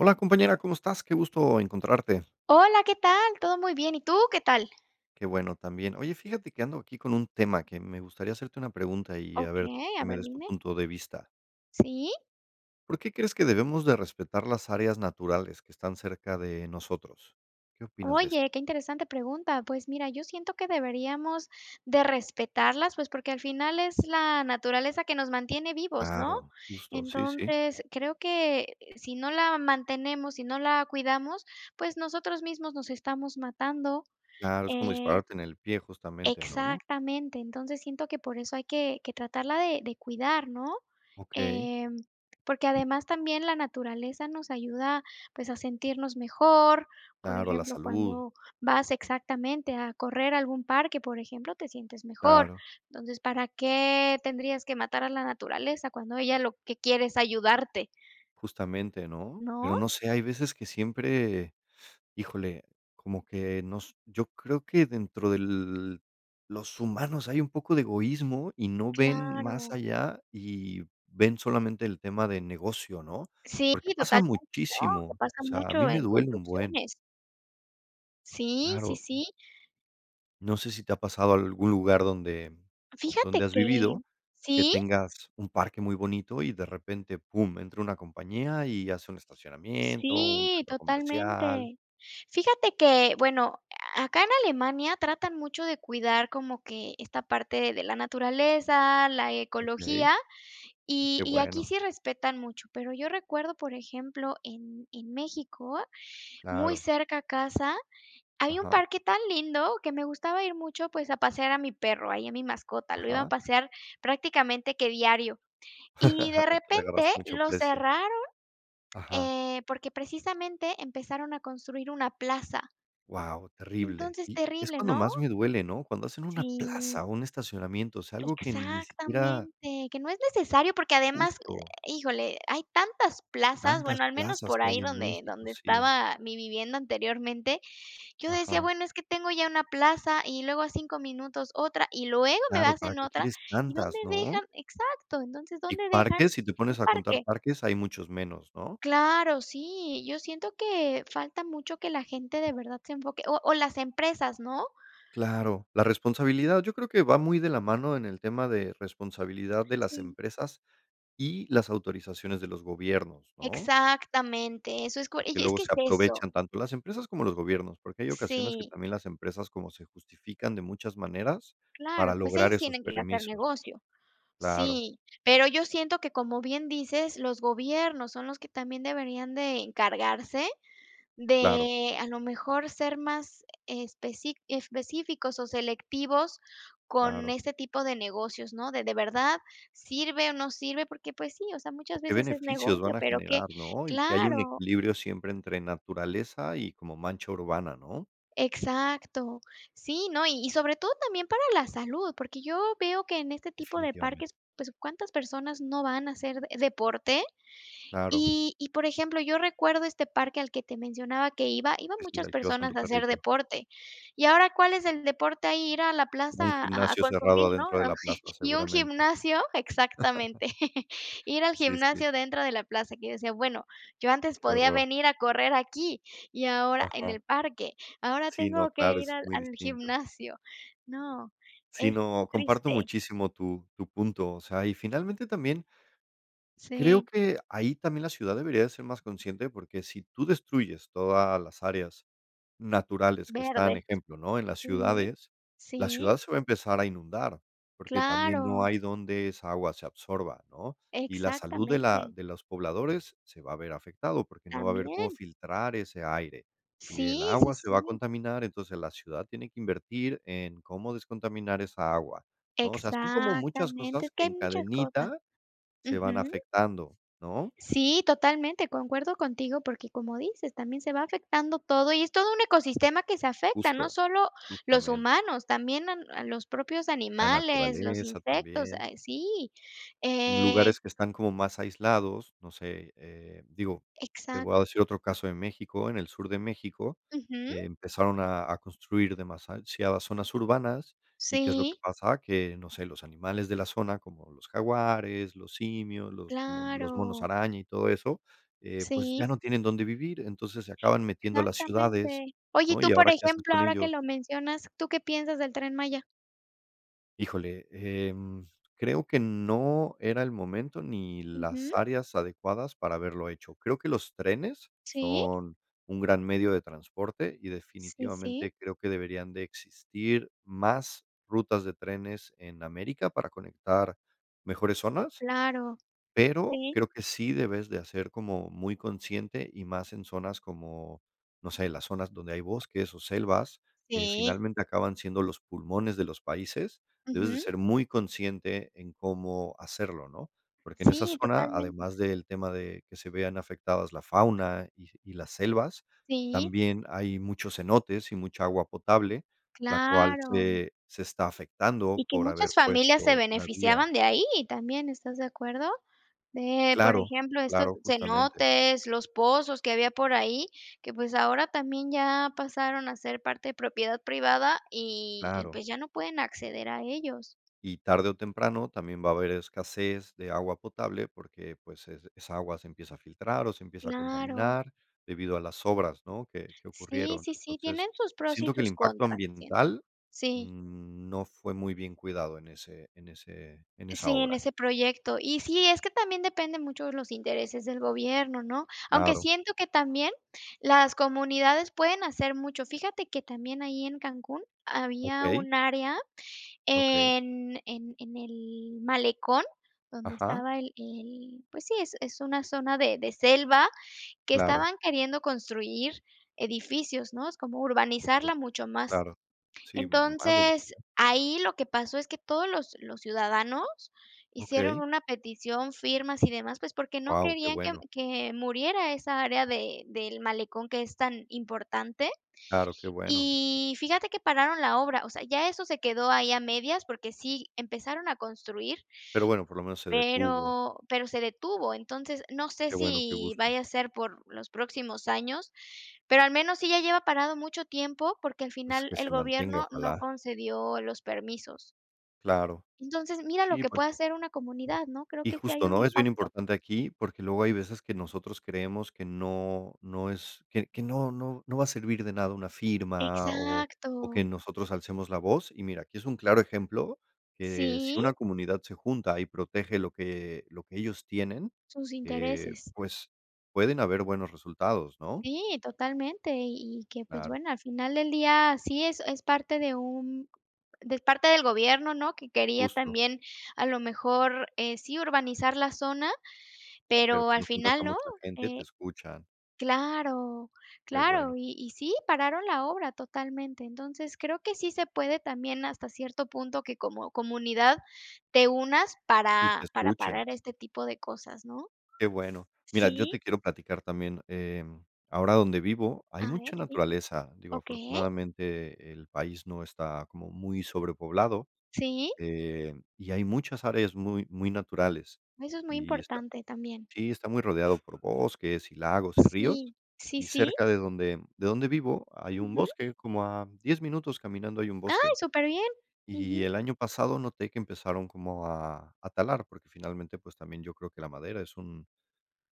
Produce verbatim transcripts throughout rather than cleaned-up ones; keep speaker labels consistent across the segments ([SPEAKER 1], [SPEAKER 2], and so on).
[SPEAKER 1] Hola compañera, ¿cómo estás? Qué gusto encontrarte.
[SPEAKER 2] Hola, ¿qué tal? Todo muy bien, ¿y tú? ¿Qué tal?
[SPEAKER 1] Qué bueno también. Oye, fíjate que ando aquí con un tema que me gustaría hacerte una pregunta y a ver,
[SPEAKER 2] Okey, a
[SPEAKER 1] qué me
[SPEAKER 2] ver,
[SPEAKER 1] des tu
[SPEAKER 2] dime.
[SPEAKER 1] punto de vista.
[SPEAKER 2] ¿Sí?
[SPEAKER 1] ¿Por qué crees que debemos de respetar las áreas naturales que están cerca de nosotros? ¿Qué opinas de esto?
[SPEAKER 2] Oye, qué interesante pregunta. Pues, mira, yo siento que deberíamos de respetarlas, pues, porque, al final, es la naturaleza que nos mantiene vivos, ¿no?,
[SPEAKER 1] Claro, justo. Sí, sí.
[SPEAKER 2] entonces, creo que si no la mantenemos, si no la cuidamos, pues, nosotros mismos nos estamos matando.
[SPEAKER 1] Claro, es como
[SPEAKER 2] Eh
[SPEAKER 1] dispararte en el pie, justamente, ¿no, no?
[SPEAKER 2] Exactamente. Entonces, siento que por eso hay que que tratarla de de cuidar, ¿no?
[SPEAKER 1] Okey.
[SPEAKER 2] Em, porque además también, la naturaleza nos ayuda, pues, a sentirnos mejor, por
[SPEAKER 1] Claro, a la
[SPEAKER 2] ejemplo,
[SPEAKER 1] salud.
[SPEAKER 2] cuando vas exactamente, a correr a algún parque, por ejemplo, te sientes mejor.
[SPEAKER 1] Claro.
[SPEAKER 2] Entonces, ¿para qué tendrías que matar a la naturaleza cuando ella lo que quiere es ayudarte?
[SPEAKER 1] Justamente, ¿no? Pero
[SPEAKER 2] ¿No?
[SPEAKER 1] no sé, hay veces que siempre híjole, como que nos yo creo que dentro del los humanos hay un poco de egoísmo, y no ven más
[SPEAKER 2] Claro.
[SPEAKER 1] allá y ven solamente el tema de negocio, ¿no?,
[SPEAKER 2] Sí,
[SPEAKER 1] porque pasa
[SPEAKER 2] total, ¿no? Que
[SPEAKER 1] muchísimo,
[SPEAKER 2] pasa
[SPEAKER 1] o sea, a mí
[SPEAKER 2] mucho
[SPEAKER 1] me
[SPEAKER 2] en
[SPEAKER 1] duele un buen.
[SPEAKER 2] construcciones. Sí, sí,
[SPEAKER 1] Claro.
[SPEAKER 2] sí.
[SPEAKER 1] No sé si te ha pasado algún lugar donde donde
[SPEAKER 2] Fíjate
[SPEAKER 1] has vivido,
[SPEAKER 2] que
[SPEAKER 1] que
[SPEAKER 2] sí.
[SPEAKER 1] tengas un parque muy bonito y, de repente, pum, entra una compañía y hace un estacionamiento, un
[SPEAKER 2] Sí,
[SPEAKER 1] centro comercial.
[SPEAKER 2] totalmente. Fíjate que, bueno, acá en Alemania, tratan mucho de cuidar como que esta parte de la naturaleza, la
[SPEAKER 1] Okey.
[SPEAKER 2] ecología, y
[SPEAKER 1] Que
[SPEAKER 2] y aquí
[SPEAKER 1] bueno.
[SPEAKER 2] sí respetan mucho, pero yo recuerdo, por ejemplo, en en México, muy
[SPEAKER 1] Claro.
[SPEAKER 2] cerca a casa, hay un
[SPEAKER 1] Ajá.
[SPEAKER 2] parque tan lindo que me gustaba ir mucho, pues, a pasear a mi perro, ahí a mi mascota, lo iba a
[SPEAKER 1] Ajá.
[SPEAKER 2] pasear prácticamente que diario y de
[SPEAKER 1] Le
[SPEAKER 2] repente,
[SPEAKER 1] agarraste mucho
[SPEAKER 2] lo
[SPEAKER 1] aprecio.
[SPEAKER 2] cerraron,
[SPEAKER 1] Ajá.
[SPEAKER 2] eh, porque, precisamente, empezaron a construir una plaza.
[SPEAKER 1] Guau, terrible.
[SPEAKER 2] Entonces
[SPEAKER 1] Y es
[SPEAKER 2] terrible,
[SPEAKER 1] cuando
[SPEAKER 2] ¿no?
[SPEAKER 1] más me duele, ¿no?, cuando hacen una
[SPEAKER 2] Sí.
[SPEAKER 1] plaza o un estacionamiento, o sea, algo que ni siquiera
[SPEAKER 2] Exactamente, que no es necesario, porque además, eh,
[SPEAKER 1] Justo.
[SPEAKER 2] híjole, hay tantas plazas,
[SPEAKER 1] Tantas
[SPEAKER 2] bueno, al menos
[SPEAKER 1] plazas
[SPEAKER 2] por
[SPEAKER 1] que
[SPEAKER 2] ahí
[SPEAKER 1] hay en
[SPEAKER 2] donde
[SPEAKER 1] México,
[SPEAKER 2] donde
[SPEAKER 1] sí.
[SPEAKER 2] estaba mi vivienda anteriormente, yo decía:
[SPEAKER 1] Ajá.
[SPEAKER 2] "Bueno, es que tengo ya una plaza y luego a cinco minutos otra, y luego me
[SPEAKER 1] Claro, ¿para
[SPEAKER 2] hacen
[SPEAKER 1] qué
[SPEAKER 2] otra.
[SPEAKER 1] quieres
[SPEAKER 2] ¿Y dónde
[SPEAKER 1] tantas, no?
[SPEAKER 2] dejan". Exacto. Entonces,
[SPEAKER 1] Y
[SPEAKER 2] ¿dónde dejan
[SPEAKER 1] parques, si te
[SPEAKER 2] el
[SPEAKER 1] pones a contar
[SPEAKER 2] parque?
[SPEAKER 1] parques, hay muchos menos, ¿no?
[SPEAKER 2] Claro, sí, yo siento que falta mucho que la gente, de verdad, se enfoque o o las empresas, ¿no?
[SPEAKER 1] Claro. La responsabilidad, yo creo que va muy de la mano en el tema de responsabilidad de las
[SPEAKER 2] Sí.
[SPEAKER 1] empresas y las autorizaciones de los gobiernos, ¿no?
[SPEAKER 2] Exactamente, eso es co
[SPEAKER 1] Porque
[SPEAKER 2] y es
[SPEAKER 1] luego
[SPEAKER 2] que es
[SPEAKER 1] se
[SPEAKER 2] eso.
[SPEAKER 1] aprovechan tanto las empresas como los gobiernos, porque hay ocasiones que
[SPEAKER 2] Sí.
[SPEAKER 1] también las empresas como se justifican de muchas maneras
[SPEAKER 2] Claro,
[SPEAKER 1] para
[SPEAKER 2] pues,
[SPEAKER 1] lograr
[SPEAKER 2] ellos
[SPEAKER 1] esos
[SPEAKER 2] tienen que hacer
[SPEAKER 1] permisos.
[SPEAKER 2] negocio.
[SPEAKER 1] Claro.
[SPEAKER 2] Sí, pero yo siento que, como bien dices, los gobiernos son los que también deberían de encargarse
[SPEAKER 1] Claro.
[SPEAKER 2] de, a lo mejor, ser más especí específicos o selectivos con
[SPEAKER 1] Claro.
[SPEAKER 2] este tipo de negocios, ¿no?, de de verdad, sirve o no sirve, porque, pues, sí, o sea,
[SPEAKER 1] ¿O
[SPEAKER 2] muchas
[SPEAKER 1] qué
[SPEAKER 2] veces es
[SPEAKER 1] beneficios
[SPEAKER 2] negocio,
[SPEAKER 1] van a
[SPEAKER 2] pero que
[SPEAKER 1] generar, no? y que haya un
[SPEAKER 2] claro.
[SPEAKER 1] equilibrio siempre entre naturaleza y como mancha urbana, ¿no?
[SPEAKER 2] Exacto. Sí, no, y y sobre todo también para la salud, porque yo veo que en este tipo de
[SPEAKER 1] Definitivamente.
[SPEAKER 2] parques, pues, ¿cuántas personas no van a hacer deporte?,
[SPEAKER 1] Claro.
[SPEAKER 2] y y por ejemplo, yo recuerdo este parque al que te mencionaba que iba, iban
[SPEAKER 1] Pues, sí,
[SPEAKER 2] muchas
[SPEAKER 1] al que ibas con
[SPEAKER 2] personas
[SPEAKER 1] tu
[SPEAKER 2] a hacer
[SPEAKER 1] perrito.
[SPEAKER 2] deporte. ¿Y ahora cuál es el deporte ahí? Ir a la
[SPEAKER 1] Un
[SPEAKER 2] plaza a a
[SPEAKER 1] gimnasio cerrado
[SPEAKER 2] consumir, ¿no?
[SPEAKER 1] adentro de la plaza,
[SPEAKER 2] ¿Y un
[SPEAKER 1] seguramente.
[SPEAKER 2] gimnasio? Exactamente. Ir al
[SPEAKER 1] Sí, sí.
[SPEAKER 2] gimnasio dentro de la plaza, que yo decía: "Bueno, yo antes
[SPEAKER 1] Qué
[SPEAKER 2] podía
[SPEAKER 1] horror.
[SPEAKER 2] venir a correr aquí, y ahora en
[SPEAKER 1] Ajá.
[SPEAKER 2] el parque ahora
[SPEAKER 1] Sí, ¿no?,
[SPEAKER 2] tengo que
[SPEAKER 1] claro,
[SPEAKER 2] ir
[SPEAKER 1] es
[SPEAKER 2] al
[SPEAKER 1] muy
[SPEAKER 2] al
[SPEAKER 1] distinto.
[SPEAKER 2] gimnasio". No,
[SPEAKER 1] Si,
[SPEAKER 2] es
[SPEAKER 1] ¿no?, comparto
[SPEAKER 2] triste.
[SPEAKER 1] muchísimo tu tu punto, o sea, y, finalmente también creo
[SPEAKER 2] Sí.
[SPEAKER 1] que ahí también la ciudad debería de ser más consciente, porque si tú destruyes todas las áreas naturales que están,
[SPEAKER 2] Verdes.
[SPEAKER 1] ejemplo, ¿no?, en las
[SPEAKER 2] Sí,
[SPEAKER 1] ciudades, la
[SPEAKER 2] sí.
[SPEAKER 1] ciudad se va a empezar a inundar, porque también no
[SPEAKER 2] Claro.
[SPEAKER 1] hay donde esa agua se absorba, ¿no? Y la salud de la
[SPEAKER 2] Exactamente.
[SPEAKER 1] de los pobladores se va a ver afectado, porque no va a ver cómo
[SPEAKER 2] También.
[SPEAKER 1] filtrar ese aire y el
[SPEAKER 2] Sí, sí,
[SPEAKER 1] agua se va a
[SPEAKER 2] sí.
[SPEAKER 1] contaminar. Entonces, la ciudad tiene que invertir en cómo descontaminar esa agua, ¿no? O sea, son como muchas
[SPEAKER 2] Exactamente,
[SPEAKER 1] cosas
[SPEAKER 2] es que
[SPEAKER 1] que
[SPEAKER 2] hay
[SPEAKER 1] en
[SPEAKER 2] muchas cosas.
[SPEAKER 1] cadenita se van
[SPEAKER 2] Ujú.
[SPEAKER 1] afectando, ¿no?
[SPEAKER 2] Sí, totalmente, concuerdo contigo, porque como dices, también se va afectando todo y es todo un ecosistema que se afecta, no
[SPEAKER 1] Justo.
[SPEAKER 2] solo los
[SPEAKER 1] Justamente.
[SPEAKER 2] humanos, también a a los propios
[SPEAKER 1] La
[SPEAKER 2] animales, los
[SPEAKER 1] naturaleza
[SPEAKER 2] insectos
[SPEAKER 1] también.
[SPEAKER 2] eh, sí.
[SPEAKER 1] En
[SPEAKER 2] Eh
[SPEAKER 1] lugares que están como más aislados, no sé, eh, digo, te voy a
[SPEAKER 2] Exacto.
[SPEAKER 1] decir otro caso de México, en el sur de México
[SPEAKER 2] Ujú.
[SPEAKER 1] empezaron a a construir demasiado zonas urbanas, ¿y qué es lo que
[SPEAKER 2] Sí.
[SPEAKER 1] pasa?, que, no sé, los animales de la zona como los jaguares, los simios, los como los monos
[SPEAKER 2] Claro.
[SPEAKER 1] araña y todo eso, eh, pues, ya
[SPEAKER 2] Sí.
[SPEAKER 1] no tienen dónde vivir. Entonces, se acaban metiendo a las ciudades,
[SPEAKER 2] Exactamente. Oye, y
[SPEAKER 1] ¿no?,
[SPEAKER 2] tú,
[SPEAKER 1] y
[SPEAKER 2] por
[SPEAKER 1] ahora, ¿qué haces
[SPEAKER 2] ejemplo,
[SPEAKER 1] con
[SPEAKER 2] ahora que
[SPEAKER 1] ellos?
[SPEAKER 2] lo mencionas, ¿tú qué piensas del Tren Maya?
[SPEAKER 1] Híjole, em, creo que no era el momento ni las
[SPEAKER 2] Ujú.
[SPEAKER 1] áreas adecuadas para haberlo hecho. Creo que los trenes
[SPEAKER 2] Sí.
[SPEAKER 1] son un gran medio de transporte y,
[SPEAKER 2] Sí, sí.
[SPEAKER 1] definitivamente, creo que deberían de existir más rutas de trenes en América para conectar mejores zonas,
[SPEAKER 2] Claro,
[SPEAKER 1] pero
[SPEAKER 2] sí.
[SPEAKER 1] creo que sí debes de, ah, ser como muy consciente y más en zonas como, no sé, las zonas donde hay bosques o selvas, que
[SPEAKER 2] Sí.
[SPEAKER 1] finalmente, acaban siendo los pulmones de los países, debes de
[SPEAKER 2] Ujú.
[SPEAKER 1] ser muy consciente en cómo hacerlo, ¿no?, porque en esa
[SPEAKER 2] Sí,
[SPEAKER 1] zona,
[SPEAKER 2] totalmente.
[SPEAKER 1] además del tema de que se vean afectadas la fauna y y las selvas,
[SPEAKER 2] Sí.
[SPEAKER 1] también hay muchos cenotes y mucha agua potable, la cual
[SPEAKER 2] Claro.
[SPEAKER 1] se se está
[SPEAKER 2] Y
[SPEAKER 1] afectando
[SPEAKER 2] que
[SPEAKER 1] por haber
[SPEAKER 2] muchas familias se
[SPEAKER 1] puesto una vía.
[SPEAKER 2] beneficiaban de ahí también, ¿estás de acuerdo? De, por
[SPEAKER 1] Claro,
[SPEAKER 2] ejemplo, estos
[SPEAKER 1] claro, justamente.
[SPEAKER 2] cenotes, los pozos que había por ahí, que, pues, ahora también ya pasaron a ser parte de propiedad privada y y,
[SPEAKER 1] Claro.
[SPEAKER 2] pues, ya no pueden acceder a ellos.
[SPEAKER 1] Y tarde o temprano también va a haber escasez de agua potable porque, pues, es esa agua se empieza a filtrar o se empieza a
[SPEAKER 2] Claro.
[SPEAKER 1] contaminar debido a las obras, ¿no?, que que
[SPEAKER 2] Sí,
[SPEAKER 1] ocurrieron.
[SPEAKER 2] sí, sí, tienen
[SPEAKER 1] Entonces,
[SPEAKER 2] sus pros y
[SPEAKER 1] siento que el
[SPEAKER 2] sus
[SPEAKER 1] impacto
[SPEAKER 2] contras, siento.
[SPEAKER 1] ambiental,
[SPEAKER 2] Sí.
[SPEAKER 1] mm, no fue muy bien cuidado en ese en ese en esa
[SPEAKER 2] Sí, en
[SPEAKER 1] obra.
[SPEAKER 2] ese proyecto. Y sí, es que también depende mucho de los intereses del gobierno, ¿no? Aunque
[SPEAKER 1] Claro.
[SPEAKER 2] siento que también, las comunidades pueden hacer mucho. Fíjate que también ahí en Cancún, había
[SPEAKER 1] Okey.
[SPEAKER 2] un área
[SPEAKER 1] Okey.
[SPEAKER 2] en en en el Malecón, donde
[SPEAKER 1] Ajá.
[SPEAKER 2] estaba el el pues, sí, es es una zona de de selva que
[SPEAKER 1] Claro.
[SPEAKER 2] estaban queriendo construir edificios, ¿no?, es como
[SPEAKER 1] Okey,
[SPEAKER 2] urbanizarla mucho más,
[SPEAKER 1] claro. Sí, ma más de lo que
[SPEAKER 2] entonces,
[SPEAKER 1] [unintelligible]
[SPEAKER 2] ahí lo que pasó es que todos los los ciudadanos hicieron
[SPEAKER 1] Okey.
[SPEAKER 2] una petición, firmas y demás, pues, porque no
[SPEAKER 1] Guau, qué
[SPEAKER 2] querían que
[SPEAKER 1] bueno.
[SPEAKER 2] que muriera esa área de del malecón que es tan importante,
[SPEAKER 1] Claro, qué bueno.
[SPEAKER 2] y fíjate que pararon la obra, o sea, ya eso se quedó ahí a medias, porque sí empezaron a construir
[SPEAKER 1] Pero bueno, por lo menos se detuvo.
[SPEAKER 2] pero pero se detuvo. Entonces, no sé
[SPEAKER 1] Qué bueno, qué
[SPEAKER 2] si
[SPEAKER 1] gusto.
[SPEAKER 2] vaya a ser por los próximos años, pero al menos sí ya lleva parado mucho tiempo, porque, al
[SPEAKER 1] Pues,
[SPEAKER 2] final,
[SPEAKER 1] que se
[SPEAKER 2] el
[SPEAKER 1] mantenga,
[SPEAKER 2] gobierno no
[SPEAKER 1] ojalá.
[SPEAKER 2] concedió los permisos.
[SPEAKER 1] Claro.
[SPEAKER 2] Entonces, mira lo
[SPEAKER 1] Sí,
[SPEAKER 2] que
[SPEAKER 1] pues
[SPEAKER 2] puede hacer una comunidad, ¿no? Creo
[SPEAKER 1] Y
[SPEAKER 2] que sí hay
[SPEAKER 1] justo,
[SPEAKER 2] un
[SPEAKER 1] ¿no?, es bien
[SPEAKER 2] impacto.
[SPEAKER 1] importante aquí, porque luego hay veces que nosotros creemos que no no es que que no no no va a servir de nada una firma o o que
[SPEAKER 2] Exacto.
[SPEAKER 1] nosotros alcemos la voz, y mira, aquí es un claro ejemplo, que si
[SPEAKER 2] Sí.
[SPEAKER 1] una comunidad se junta y protege lo que lo que ellos tienen,
[SPEAKER 2] Sus
[SPEAKER 1] eh,
[SPEAKER 2] intereses.
[SPEAKER 1] pues pueden haber buenos resultados, ¿no?
[SPEAKER 2] Sí, totalmente, y y que, pues,
[SPEAKER 1] Claro.
[SPEAKER 2] bueno, al final del día, así es, es parte de un de parte del gobierno, ¿no?, que quería
[SPEAKER 1] Justo.
[SPEAKER 2] también, a lo mejor, eh, sí urbanizar la zona,
[SPEAKER 1] Pero
[SPEAKER 2] pero al
[SPEAKER 1] cuando juntas
[SPEAKER 2] final,
[SPEAKER 1] con
[SPEAKER 2] no.
[SPEAKER 1] mucha gente, te
[SPEAKER 2] Eh
[SPEAKER 1] escuchan.
[SPEAKER 2] claro,
[SPEAKER 1] Qué
[SPEAKER 2] claro,
[SPEAKER 1] bueno.
[SPEAKER 2] y y sí, pararon la obra totalmente. Entonces, creo que sí se puede también, hasta cierto punto, que como comunidad te unas
[SPEAKER 1] Y te
[SPEAKER 2] para para
[SPEAKER 1] escuchen.
[SPEAKER 2] parar este tipo de cosas, ¿no?
[SPEAKER 1] Qué bueno. Mira, yo
[SPEAKER 2] ¿Sí?
[SPEAKER 1] te quiero platicar también, eh, ahora donde vivo hay
[SPEAKER 2] A ver,
[SPEAKER 1] mucha
[SPEAKER 2] sí.
[SPEAKER 1] naturaleza, digo,
[SPEAKER 2] Okey.
[SPEAKER 1] afortunadamente, el país no está como muy sobrepoblado,
[SPEAKER 2] Sí.
[SPEAKER 1] eh, y hay muchas áreas muy muy naturales,
[SPEAKER 2] Eso es muy
[SPEAKER 1] y está
[SPEAKER 2] importante también.
[SPEAKER 1] sí, está muy rodeado por bosques y lagos y ríos,
[SPEAKER 2] Sí, sí,
[SPEAKER 1] y
[SPEAKER 2] sí.
[SPEAKER 1] cerca de donde de donde vivo hay un
[SPEAKER 2] Ujú.
[SPEAKER 1] bosque, como a diez minutos caminando hay un
[SPEAKER 2] Ay,
[SPEAKER 1] bosque
[SPEAKER 2] súper bien.
[SPEAKER 1] y
[SPEAKER 2] Ujú.
[SPEAKER 1] el año pasado noté que empezaron como a a talar, porque finalmente, pues, también yo creo que la madera es un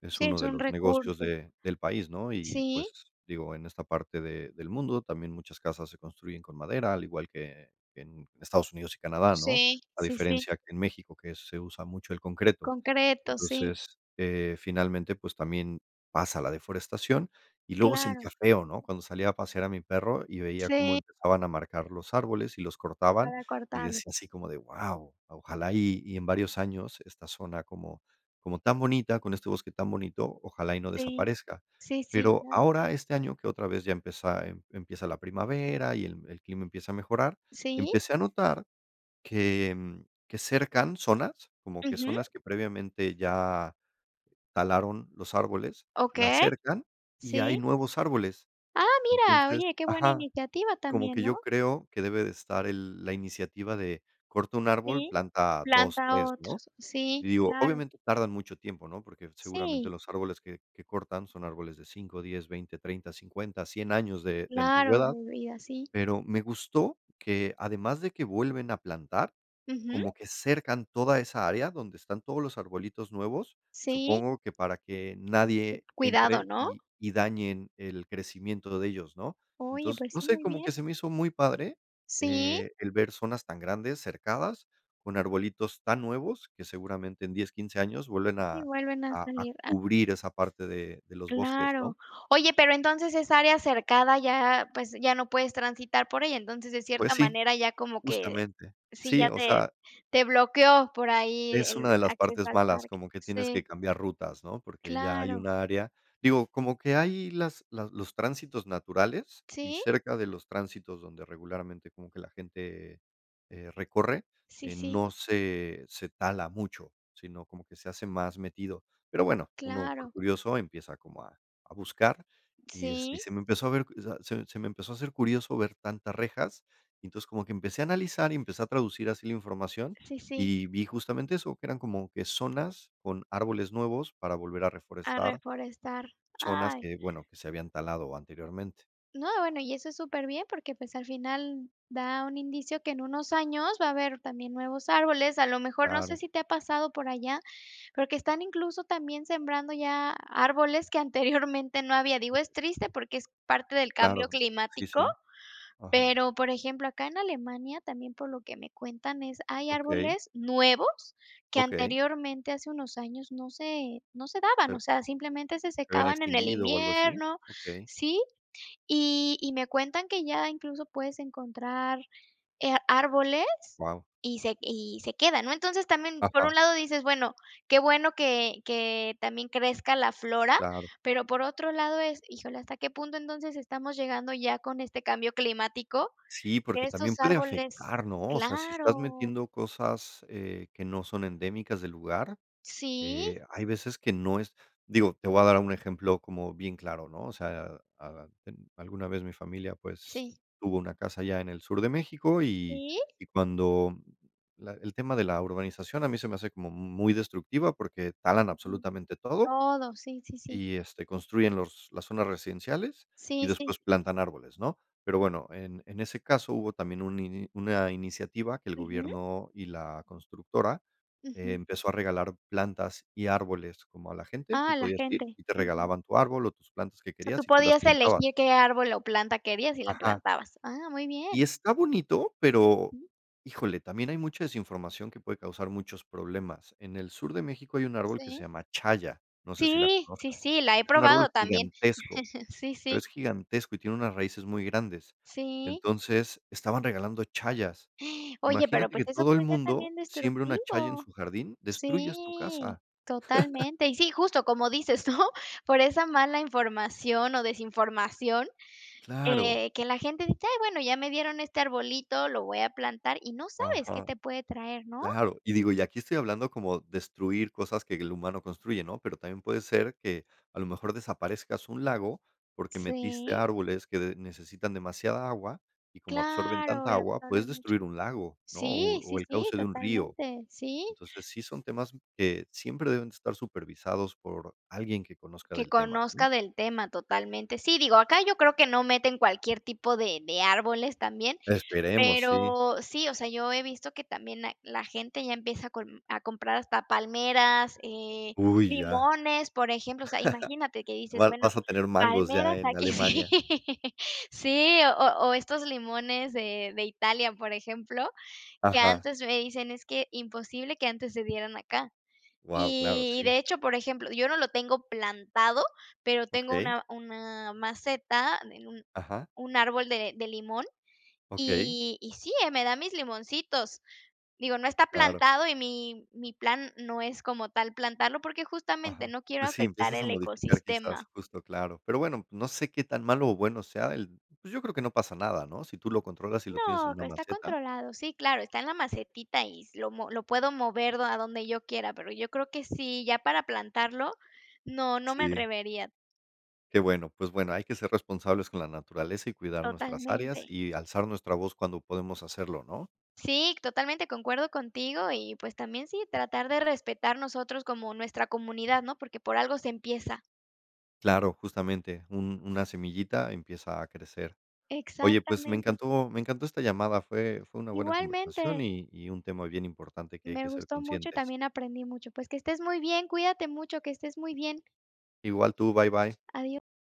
[SPEAKER 1] es
[SPEAKER 2] Sí,
[SPEAKER 1] uno
[SPEAKER 2] es
[SPEAKER 1] de
[SPEAKER 2] un
[SPEAKER 1] los negocios
[SPEAKER 2] recurso.
[SPEAKER 1] de del país, ¿no?, y,
[SPEAKER 2] Sí.
[SPEAKER 1] pues, digo, en esta parte de del mundo también muchas casas se construyen con madera, al igual que en Estados Unidos y Canadá, ¿no?
[SPEAKER 2] Sí,
[SPEAKER 1] A
[SPEAKER 2] sí, sí.
[SPEAKER 1] diferencia que en México, que se usa mucho el concreto.
[SPEAKER 2] Concreto, sí.
[SPEAKER 1] Entonces, eh, finalmente, pues, también pasa la deforestación y luego
[SPEAKER 2] Claro.
[SPEAKER 1] sentía feo, ¿no?, cuando salía a pasear a mi perro y veía cómo
[SPEAKER 2] Sí.
[SPEAKER 1] empezaban a marcar los árboles y los cortaban,
[SPEAKER 2] Para
[SPEAKER 1] y
[SPEAKER 2] cortarlo.
[SPEAKER 1] decía así como de: "Guau, ojalá y y en varios años esta zona como como tan bonita con este bosque tan bonito, ojalá y no
[SPEAKER 2] Sí,
[SPEAKER 1] desaparezca".
[SPEAKER 2] sí, sí,
[SPEAKER 1] Pero
[SPEAKER 2] claro.
[SPEAKER 1] ahora, este año que otra vez ya empieza em empieza la primavera y el el clima empieza a mejorar,
[SPEAKER 2] Sí.
[SPEAKER 1] empecé a notar que que cercan zonas, como que
[SPEAKER 2] Ujú.
[SPEAKER 1] zonas que previamente ya talaron los árboles, las
[SPEAKER 2] Okey,
[SPEAKER 1] cercan y hay
[SPEAKER 2] sí.
[SPEAKER 1] nuevos árboles.
[SPEAKER 2] Ah, mira,
[SPEAKER 1] Entonces
[SPEAKER 2] oye, qué buena
[SPEAKER 1] ajá,
[SPEAKER 2] iniciativa
[SPEAKER 1] como
[SPEAKER 2] también,
[SPEAKER 1] que yo
[SPEAKER 2] ¿no?
[SPEAKER 1] creo que debe de estar el la iniciativa de corta un árbol,
[SPEAKER 2] Sí.
[SPEAKER 1] planta dos,
[SPEAKER 2] Planta
[SPEAKER 1] tres, ¿no?
[SPEAKER 2] otros. Sí,
[SPEAKER 1] Y digo,
[SPEAKER 2] claro.
[SPEAKER 1] obviamente, tardan mucho tiempo, ¿no?, porque seguramente
[SPEAKER 2] Sí.
[SPEAKER 1] los árboles que que cortan son árboles de diez, veinte, treinta, cincuenta, cien años de de
[SPEAKER 2] Claro,
[SPEAKER 1] antigüedad,
[SPEAKER 2] de vida. Sí.
[SPEAKER 1] pero me gustó que, además de que vuelven a plantar,
[SPEAKER 2] Ujú.
[SPEAKER 1] como que cercan toda esa área donde están todos los arbolitos nuevos,
[SPEAKER 2] Sí.
[SPEAKER 1] supongo que para que
[SPEAKER 2] Cu
[SPEAKER 1] nadie
[SPEAKER 2] cuidado,
[SPEAKER 1] entre
[SPEAKER 2] ¿no?
[SPEAKER 1] y y dañen el crecimiento de ellos, ¿no?
[SPEAKER 2] Oye,
[SPEAKER 1] Entonces,
[SPEAKER 2] pues,
[SPEAKER 1] no
[SPEAKER 2] sí,
[SPEAKER 1] sé,
[SPEAKER 2] muy
[SPEAKER 1] como
[SPEAKER 2] bien.
[SPEAKER 1] que se me hizo muy padre,
[SPEAKER 2] Sí.
[SPEAKER 1] eh, el ver zonas tan grandes, cercadas, con arbolitos tan nuevos que seguramente en diez, quince años vuelven
[SPEAKER 2] Así
[SPEAKER 1] a
[SPEAKER 2] vuelven a
[SPEAKER 1] a a
[SPEAKER 2] salir. Ah.
[SPEAKER 1] cubrir esa parte de de los bosques, ¿no?
[SPEAKER 2] Claro. Oye, pero entonces esa área cercada ya, pues, ya no puedes transitar por ella, entonces, de
[SPEAKER 1] Pues,
[SPEAKER 2] cierta
[SPEAKER 1] sí,
[SPEAKER 2] manera ya como que
[SPEAKER 1] justamente.
[SPEAKER 2] sí,
[SPEAKER 1] Sí,
[SPEAKER 2] ya
[SPEAKER 1] o
[SPEAKER 2] te
[SPEAKER 1] sea
[SPEAKER 2] te bloqueó por ahí
[SPEAKER 1] es
[SPEAKER 2] el
[SPEAKER 1] una de las
[SPEAKER 2] acceso
[SPEAKER 1] partes
[SPEAKER 2] al
[SPEAKER 1] malas,
[SPEAKER 2] parque.
[SPEAKER 1] como que tienes
[SPEAKER 2] Sí.
[SPEAKER 1] que cambiar rutas, ¿no?, porque ya hay
[SPEAKER 2] Claro.
[SPEAKER 1] un área digo, como que hay las las los tránsitos naturales y
[SPEAKER 2] Sí
[SPEAKER 1] cerca de los tránsitos donde regularmente como que la gente, eh, recorre,
[SPEAKER 2] Sí,
[SPEAKER 1] eh,
[SPEAKER 2] sí.
[SPEAKER 1] no se se tala mucho, sino como que se hace más metido. Pero bueno, uno por
[SPEAKER 2] Claro.
[SPEAKER 1] curioso empieza como a a buscar y, este, y
[SPEAKER 2] Sí.
[SPEAKER 1] se me empezó a ver, o sea, se me se me empezó a hacer curioso ver tantas rejas, y entonces, como que empecé a analizar y empecé a traducir así la información,
[SPEAKER 2] Sí, sí.
[SPEAKER 1] y vi justamente eso, que eran como que zonas con árboles nuevos para volver a
[SPEAKER 2] A
[SPEAKER 1] reforestar
[SPEAKER 2] reforestar.
[SPEAKER 1] zonas
[SPEAKER 2] Ay.
[SPEAKER 1] que, bueno, que se habían talado anteriormente.
[SPEAKER 2] No, bueno, y eso es superbién, porque, pues, al final, da un indicio que en unos años va a haber también nuevos árboles. A lo mejor, no sé
[SPEAKER 1] Claro.
[SPEAKER 2] si te ha pasado por allá porque están, incluso, también sembrando ya árboles que, anteriormente, no había. Digo, es triste, porque es parte del cambio
[SPEAKER 1] Claro. Sí,
[SPEAKER 2] climático,
[SPEAKER 1] sí. Ajá.
[SPEAKER 2] pero, por ejemplo, acá en Alemania, también por lo que me cuentan es hay
[SPEAKER 1] Okey.
[SPEAKER 2] árboles nuevos que,
[SPEAKER 1] Okey.
[SPEAKER 2] anteriormente, hace unos años no se no se daban,
[SPEAKER 1] Sí.
[SPEAKER 2] o sea, simplemente se
[SPEAKER 1] ¿Se se habían
[SPEAKER 2] secaban en el
[SPEAKER 1] extinguido o algo así?
[SPEAKER 2] invierno
[SPEAKER 1] Okey.
[SPEAKER 2] Sí. Y y me cuentan que ya incluso puedes encontrar, eh, árboles
[SPEAKER 1] Guau.
[SPEAKER 2] y se y se quedan, ¿no? Entonces, también, por un
[SPEAKER 1] Ajá.
[SPEAKER 2] lado dices: "Bueno, qué bueno que que también crezca la flora,
[SPEAKER 1] Claro.
[SPEAKER 2] pero por otro lado es, híjole, ¿hasta qué punto entonces estamos llegando ya con este cambio climático?"
[SPEAKER 1] Sí, porque también
[SPEAKER 2] Estos
[SPEAKER 1] puede
[SPEAKER 2] árboles
[SPEAKER 1] afectar, ¿no? O sea, si estás
[SPEAKER 2] claro.
[SPEAKER 1] metiendo cosas, eh, que no son endémicas del lugar,
[SPEAKER 2] Sí.
[SPEAKER 1] eh, hay veces que no es digo, te voy a dar un ejemplo como bien claro, ¿no? O sea, a a a en alguna vez mi familia, pues,
[SPEAKER 2] Sí.
[SPEAKER 1] tuvo una casa allá en el sur de México y
[SPEAKER 2] Sí.
[SPEAKER 1] y cuando la el tema de la urbanización a mí se me hace como m muy destructiva, porque talan
[SPEAKER 2] Ujú.
[SPEAKER 1] absolutamente todo
[SPEAKER 2] Todo, sí, sí, sí.
[SPEAKER 1] y, este, construyen los las zonas residenciales y
[SPEAKER 2] Sí, sí.
[SPEAKER 1] después plantan árboles, ¿no? Pero bueno, en en ese caso hubo también un in una iniciativa que el
[SPEAKER 2] Ujú.
[SPEAKER 1] gobierno y la constructora
[SPEAKER 2] Ujú.
[SPEAKER 1] empezó a regalar plantas y árboles como a la gente, tú
[SPEAKER 2] Ah, la
[SPEAKER 1] podías ir
[SPEAKER 2] gente.
[SPEAKER 1] y te
[SPEAKER 2] Ujú.
[SPEAKER 1] regalaban tu árbol o tus plantas que
[SPEAKER 2] O sea, ¿tú
[SPEAKER 1] querías y tú las
[SPEAKER 2] podías
[SPEAKER 1] plantabas.
[SPEAKER 2] elegir qué árbol o planta querías y la
[SPEAKER 1] Ajá.
[SPEAKER 2] plantabas? Ah, muy
[SPEAKER 1] Y
[SPEAKER 2] bien.
[SPEAKER 1] está bonito, pero,
[SPEAKER 2] Ujú.
[SPEAKER 1] híjole, también hay mucha desinformación que puede causar muchos problemas. En el sur de México hay un árbol que se
[SPEAKER 2] Sí.
[SPEAKER 1] llama Chaya, no sé si la
[SPEAKER 2] Sí. Sí,
[SPEAKER 1] conozcas,
[SPEAKER 2] sí, la he
[SPEAKER 1] es un árbol
[SPEAKER 2] probado también.
[SPEAKER 1] gigantesco,
[SPEAKER 2] Sí,
[SPEAKER 1] pero
[SPEAKER 2] sí.
[SPEAKER 1] es gigantesco y tiene unas raíces muy grandes,
[SPEAKER 2] Sí.
[SPEAKER 1] entonces, estaban regalando C hayas.
[SPEAKER 2] Oye, pero
[SPEAKER 1] Imagínate que
[SPEAKER 2] pues eso
[SPEAKER 1] todo el
[SPEAKER 2] puede ser
[SPEAKER 1] mundo
[SPEAKER 2] también
[SPEAKER 1] siembre una Chaya en
[SPEAKER 2] destructivo.
[SPEAKER 1] su jardín, destruyes tu
[SPEAKER 2] Sí,
[SPEAKER 1] casa.
[SPEAKER 2] totalmente. Y sí, justo como dices, ¿no?, por esa mala información o desinformación,
[SPEAKER 1] Claro.
[SPEAKER 2] eh, que la gente dice: "Ay bueno, ya me dieron este arbolito, lo voy a plantar", y no sabes qué
[SPEAKER 1] Ajá.
[SPEAKER 2] te puede traer, ¿no?
[SPEAKER 1] Claro, y digo, y aquí estoy hablando como destruir cosas que el humano construye, ¿no?, pero también puede ser que, a lo mejor, desaparezcas un lago, porque metiste
[SPEAKER 2] Sí.
[SPEAKER 1] árboles que de necesitan demasiada agua, y como absorben
[SPEAKER 2] Claro,
[SPEAKER 1] tanta
[SPEAKER 2] y
[SPEAKER 1] agua,
[SPEAKER 2] absorbe
[SPEAKER 1] puedes
[SPEAKER 2] mucho.
[SPEAKER 1] destruir un lago, ¿no? o
[SPEAKER 2] Sí,
[SPEAKER 1] o
[SPEAKER 2] sí,
[SPEAKER 1] el
[SPEAKER 2] sí,
[SPEAKER 1] cauce de un río.
[SPEAKER 2] totalmente. Sí.
[SPEAKER 1] Entonces, sí son temas que siempre deben de estar supervisados por alguien que conozca
[SPEAKER 2] Que
[SPEAKER 1] del tema, ¿no?
[SPEAKER 2] conozca del tema totalmente. Sí, digo, acá yo creo que no meten cualquier tipo de de árboles también,
[SPEAKER 1] Esperemos, sí.
[SPEAKER 2] pero sí, o sea, yo he visto que también hay la gente ya empieza con a comprar hasta palmeras, eh,
[SPEAKER 1] Uy, ya.
[SPEAKER 2] limones, por ejemplo, o sea, imagínate que dices:
[SPEAKER 1] Va
[SPEAKER 2] "Bueno,
[SPEAKER 1] vas a tener mangos ya
[SPEAKER 2] palmeras,
[SPEAKER 1] en
[SPEAKER 2] aquí". Sí,
[SPEAKER 1] Alemania.
[SPEAKER 2] sí, o o estos limones de de Italia, por ejemplo, que
[SPEAKER 1] Ajá.
[SPEAKER 2] antes me dicen: "Es que imposible que antes se dieran acá".
[SPEAKER 1] Guau, claro,
[SPEAKER 2] Y
[SPEAKER 1] sí.
[SPEAKER 2] de hecho, por ejemplo, yo no lo tengo plantado, pero tengo
[SPEAKER 1] Okey.
[SPEAKER 2] una una maceta en un
[SPEAKER 1] Ajá.
[SPEAKER 2] un árbol de de limón,
[SPEAKER 1] Okey.
[SPEAKER 2] y y sí, eh, me da mis limoncitos, digo, no está
[SPEAKER 1] Claro.
[SPEAKER 2] plantado y mi mi plan no es como tal plantarlo, porque, justamente,
[SPEAKER 1] Ajá.
[SPEAKER 2] no quiero
[SPEAKER 1] Pues, sí,
[SPEAKER 2] afectar
[SPEAKER 1] empiezas a
[SPEAKER 2] el
[SPEAKER 1] modificar quizás
[SPEAKER 2] ecosistema.
[SPEAKER 1] justo, claro. Pero bueno, no sé qué tan malo o bueno sea el pues yo creo que no pasa nada, ¿no?, si tú lo controlas y lo tienes
[SPEAKER 2] No,
[SPEAKER 1] en una
[SPEAKER 2] acá está
[SPEAKER 1] maceta.
[SPEAKER 2] controlado. Sí, claro, está en la macetita y lo mue lo puedo mover a donde yo quiera, pero yo creo que sí, ya para plantarlo no, no me
[SPEAKER 1] Sí.
[SPEAKER 2] atrevería.
[SPEAKER 1] Qué bueno, pues bueno, hay que ser responsables con la naturaleza y cuidar nuestras áreas
[SPEAKER 2] Totalmente.
[SPEAKER 1] y alzar nuestra voz cuando podemos hacerlo, ¿no?
[SPEAKER 2] Sí, totalmente concuerdo contigo y, pues, también sí, tratar de respetar nosotros como nuestra comunidad, ¿no?, porque por algo se empieza.
[SPEAKER 1] Claro, justamente, un una semillita empieza a crecer. Oye, pues me
[SPEAKER 2] Exactamente.
[SPEAKER 1] encantó me encantó esta llamada, fue fue una buena conversación
[SPEAKER 2] Igualmente.
[SPEAKER 1] y y un tema bien importante que hay que
[SPEAKER 2] Me
[SPEAKER 1] ser
[SPEAKER 2] gustó mucho y
[SPEAKER 1] conscientes.
[SPEAKER 2] también aprendí mucho. Pues, que estés muy bien, cuídate mucho, que estés muy bien.
[SPEAKER 1] Igual tú, bye, bye.
[SPEAKER 2] Adiós.